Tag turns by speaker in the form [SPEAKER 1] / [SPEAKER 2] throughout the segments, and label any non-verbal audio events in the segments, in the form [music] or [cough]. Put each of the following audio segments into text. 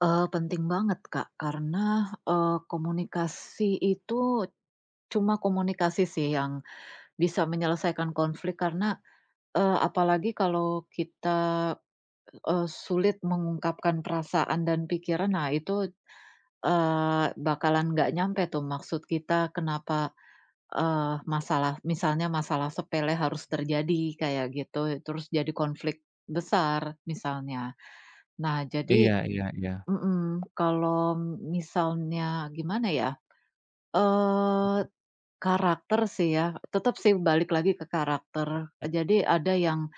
[SPEAKER 1] Eee, penting banget, Kak, karena, eee, komunikasi itu cuma komunikasi sih yang bisa menyelesaikan konflik karena, eee, apalagi kalau kita, eee, sulit mengungkapkan perasaan dan pikiran. Nah itu, eee, bakalan enggak nyampai tuh maksud kita, kenapa, eee, masalah, misalnya masalah sepele harus terjadi, kayak gitu. Terus jadi konflik besar, misalnya. Nah, jadi
[SPEAKER 2] Iya iya iya.
[SPEAKER 1] mhm, kalau m misalnya, gimana ya, eee, karakter sih ya. Tetap sih balik lagi ke karakter. Jadi ada yang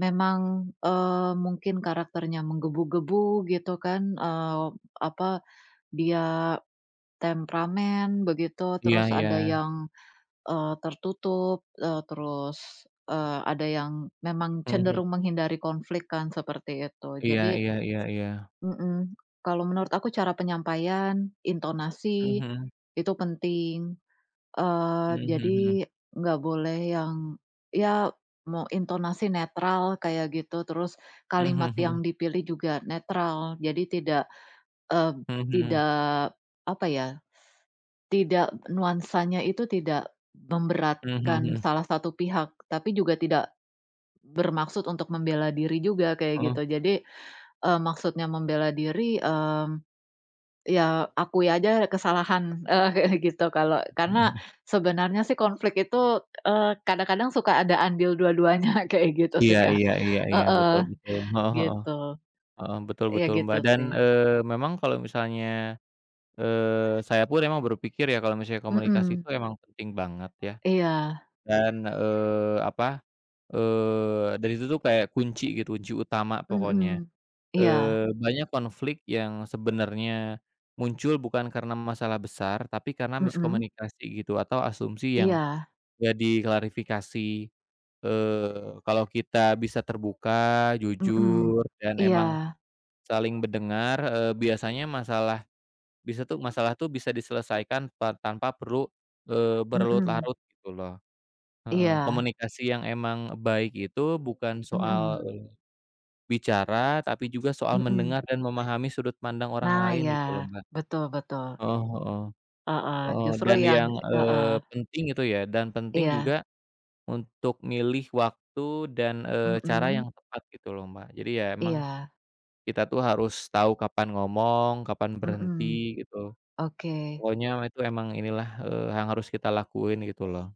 [SPEAKER 1] memang, eee, mungkin karakternya menggebu-gebu, gitu kan. Eee, apa, dia temperamen, begitu.
[SPEAKER 2] Iya
[SPEAKER 1] Terus ada
[SPEAKER 2] iya.
[SPEAKER 1] yang, eee, tertutup, eee, terus, eee, ada yang memang
[SPEAKER 2] Heeh.
[SPEAKER 1] cenderung menghindari konflik kan, seperti itu.
[SPEAKER 2] Iya
[SPEAKER 1] Jadi
[SPEAKER 2] iya iya iya.
[SPEAKER 1] Mhm. Kalau menurut aku cara penyampaian,
[SPEAKER 2] Mhm
[SPEAKER 1] intonasi,
[SPEAKER 2] mhm.
[SPEAKER 1] itu penting. Eee,
[SPEAKER 2] Mhm
[SPEAKER 1] jadi
[SPEAKER 2] mhm mhm.
[SPEAKER 1] enggak boleh yang, ya mau intonasi netral, kayak gitu. Terus
[SPEAKER 2] Mhm
[SPEAKER 1] kalimat
[SPEAKER 2] mhm mhm.
[SPEAKER 1] yang dipilih juga netral, jadi tidak, eb
[SPEAKER 2] Mhm mhm.
[SPEAKER 1] tidak, apa ya, [sucks teeth] tidak nuansanya itu tidak
[SPEAKER 2] Mhm mhm
[SPEAKER 1] memberatkan
[SPEAKER 2] mhm.
[SPEAKER 1] salah satu pihak, tapi juga tidak bermaksud untuk membela diri juga, kayak
[SPEAKER 2] Heeh.
[SPEAKER 1] gitu. Jadi, eee, maksudnya membela diri, mmm, ya akui aja kesalahan, eee, kayak gitu. Kalau karena sebenarnya sih konflik itu, eee, kadang-kadang suka ada andil dua-duanya, kayak gitu
[SPEAKER 2] Iya
[SPEAKER 1] sih Kak
[SPEAKER 2] iya iya iya, betul
[SPEAKER 1] heeh.
[SPEAKER 2] betul, heeh heeh.
[SPEAKER 1] Gitu.
[SPEAKER 2] Heeh, betul
[SPEAKER 1] Iya,
[SPEAKER 2] betul,
[SPEAKER 1] gitu,
[SPEAKER 2] Mbak, dan,
[SPEAKER 1] sih.
[SPEAKER 2] eee, memang kalau misalnya, eee, saya pun memang berpikir ya, kalau misalnya komunikasi itu
[SPEAKER 1] Mhm.
[SPEAKER 2] emang penting banget, ya.
[SPEAKER 1] Iya.
[SPEAKER 2] Dan, eee, apa, eee, dari situ tuh kayak kunci gitu, kunci utama pokoknya.
[SPEAKER 1] Mhm. Iya.
[SPEAKER 2] Eee, banyak konflik yang sebenarnya, muncul bukan karena masalah besar, tapi karena
[SPEAKER 1] Mhm.
[SPEAKER 2] miskomunikasi gitu, atau asumsi yang
[SPEAKER 1] Iya.
[SPEAKER 2] enggak diklarifikasi, eee, kalau kita bisa terbuka, jujur,
[SPEAKER 1] Mhm,
[SPEAKER 2] dan
[SPEAKER 1] iya.
[SPEAKER 2] emang saling mendengar, eee, biasanya masalah, bisa tuh masalah tuh, bisa diselesaikan pa tanpa perlu, eee, berlarut
[SPEAKER 1] Mhm.
[SPEAKER 2] larut, gitu loh heeh,
[SPEAKER 1] Iya.
[SPEAKER 2] komunikasi yang emang baik itu bukan soal,
[SPEAKER 1] Mhm.
[SPEAKER 2] eee, bicara, tapi juga soal
[SPEAKER 1] Mhm.
[SPEAKER 2] mendengar dan memahami sudut pandang orang
[SPEAKER 1] Nah,
[SPEAKER 2] lain,
[SPEAKER 1] iya,
[SPEAKER 2] gitu loh Mbak.
[SPEAKER 1] betul betul.
[SPEAKER 2] Eee heeh,
[SPEAKER 1] Heeh,
[SPEAKER 2] eee,
[SPEAKER 1] justru
[SPEAKER 2] dan
[SPEAKER 1] yang
[SPEAKER 2] yang,
[SPEAKER 1] heeh.
[SPEAKER 2] eee, penting itu ya, dan penting
[SPEAKER 1] Iya.
[SPEAKER 2] juga untuk milih waktu dan, eee, cara yang
[SPEAKER 1] Mhm.
[SPEAKER 2] tepat gitu loh, Mbak, jadi ya emang,
[SPEAKER 1] Iya.
[SPEAKER 2] kita tuh harus tahu kapan ngomong, kapan
[SPEAKER 1] Mhm.
[SPEAKER 2] berhenti, gitu.
[SPEAKER 1] Oke.
[SPEAKER 2] Pokoknya itu emang inilah, eee, yang harus kita lakuin, gitu loh.